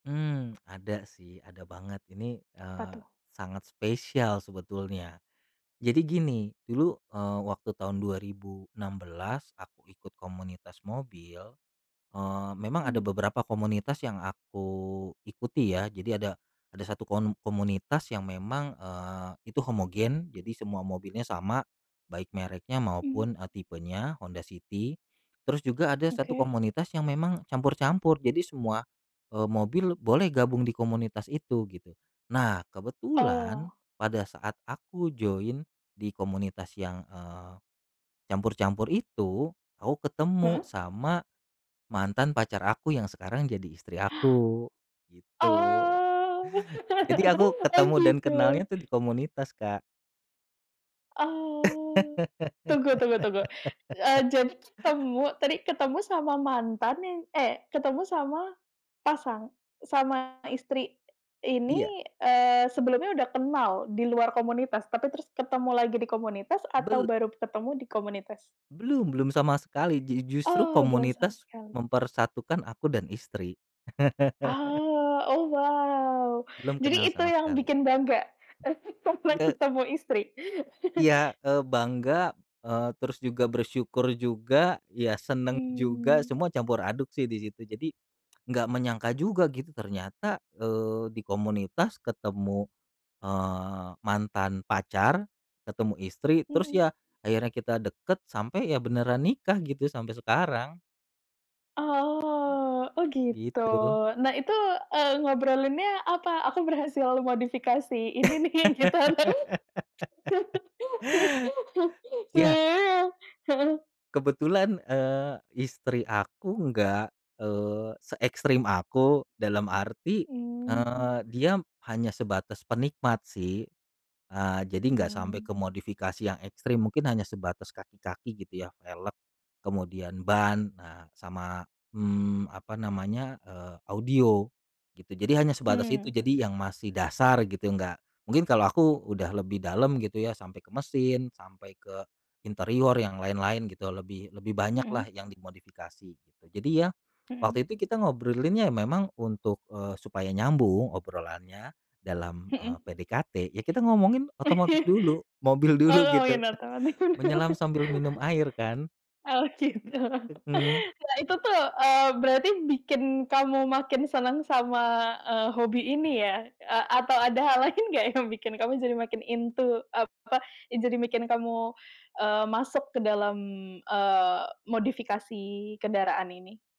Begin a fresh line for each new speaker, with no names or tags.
Mmm, ada sih. Ada banget. Ini,
Apa
eee,
tuh?
sangat spesial sebetulnya. Jadi gini, dulu, eee, waktu tahun 2016, aku ikut komunitas mobil, eee, memang ada
Mmm.
beberapa komunitas yang aku ikuti, ya. Jadi ada ada satu kon komunitas yang memang, eee, itu homogen, jadi semua mobilnya sama, baik mereknya,
Mmm.
maupun, eee, tipenya, Honda City. Terus juga ada satu
Oke.
komunitas, yang memang campur-campur. Jadi semua, eee, mobil boleh gabung di komunitas itu, gitu. Nah,
Oh.
kebetulan pada saat aku join di komunitas yang, eee, campur-campur itu, aku ketemu
Heeh.
sama mantan pacar aku yang sekarang jadi istri aku, gitu.
Oh!
Jadi aku
Oh
ketemu dan
gitu.
kenalnya tuh, di komunitas Kak.
Oh. Tunggu tunggu tunggu. Eee, jadi ketemu tadi ketemu sama mantan, yang eh ketemu sama pasang sama istri
Iya.
ini, eee, sebelumnya sudah kenal, di luar komunitas, tapi terus ketemu lagi di komunitas atau
Bel
baru ketemu di komunitas?
Belum belum sama sekali. Ju justru
Oh. Belum sama
komunitas,
sekali.
mempersatukan aku dan istri.
Oh, oh wow!
Belum kenal
Jadi itu
sama
yang
sekali.
bikin bangga, [unintelligible] komplek
Eee.
ketemu istri?
Iya. Eee, bangga, eee, terus juga bersyukur juga, ya seneng juga,
Mmm.
semua campur aduk sih, di situ. Jadi, enggak menyangka juga, gitu, ternyata, eee, di komunitas, ketemu, eee, mantan pacar, ketemu istri, terus
Mhm.
ya, akhirnya kita deket, sampai ya beneran nikah, gitu, sampai sekarang.
Oh. Oh gitu.
Gitu.
Nah itu, eee, ngobrolinnya apa? Aku berhasil modifikasi ini nih, gitu [unintelligible]
Iya.
Heeh.
Kebetulan, eee, istri aku nggak, eee, seekstrem aku, dalam arti,
Mmm.
eee, dia hanya sebatas penikmat, sih. Eee, jadi nggak sampai
Mmm.
ke modifikasi yang ekstrim. Mungkin hanya sebatas kaki-kaki, gitu ya, velg, kemudian ban, ah sama, mmm, apa namanya, eee, audio, gitu. Jadi hanya sebatas itu,
Mmm.
jadi yang masih dasar, gitu, nggak mungkin kalau aku udah lebih dalam, gitu ya, sampai ke mesin, sampai ke interior, yang lain-lain, gitu. Lebih lebih banyak lah,
Mhm.
yang dimodifikasi. Jadi ya,
Mhm.
waktu itu kita ngobrolinnya memang, untuk, eee, supaya nyambung, obrolannya dalam, eee,
Mhm.
PDKT, ya kita ngomongin otomotif dulu, mobil dulu,
Oh. Yang
gitu.
datang
Menyelam
[unintelligible]
sambil minum air, kan.
oh gitu!
Mhm.
Ya itu tuh, eee, berarti bikin kamu makin seneng sama, eee, hobi ini ya. Eee, atau ada hal lain nggak yang bikin kamu jadi makin into, apa, yang jadi bikin kamu, eee, masuk ke dalam, eee, modifikasi kendaraan ini?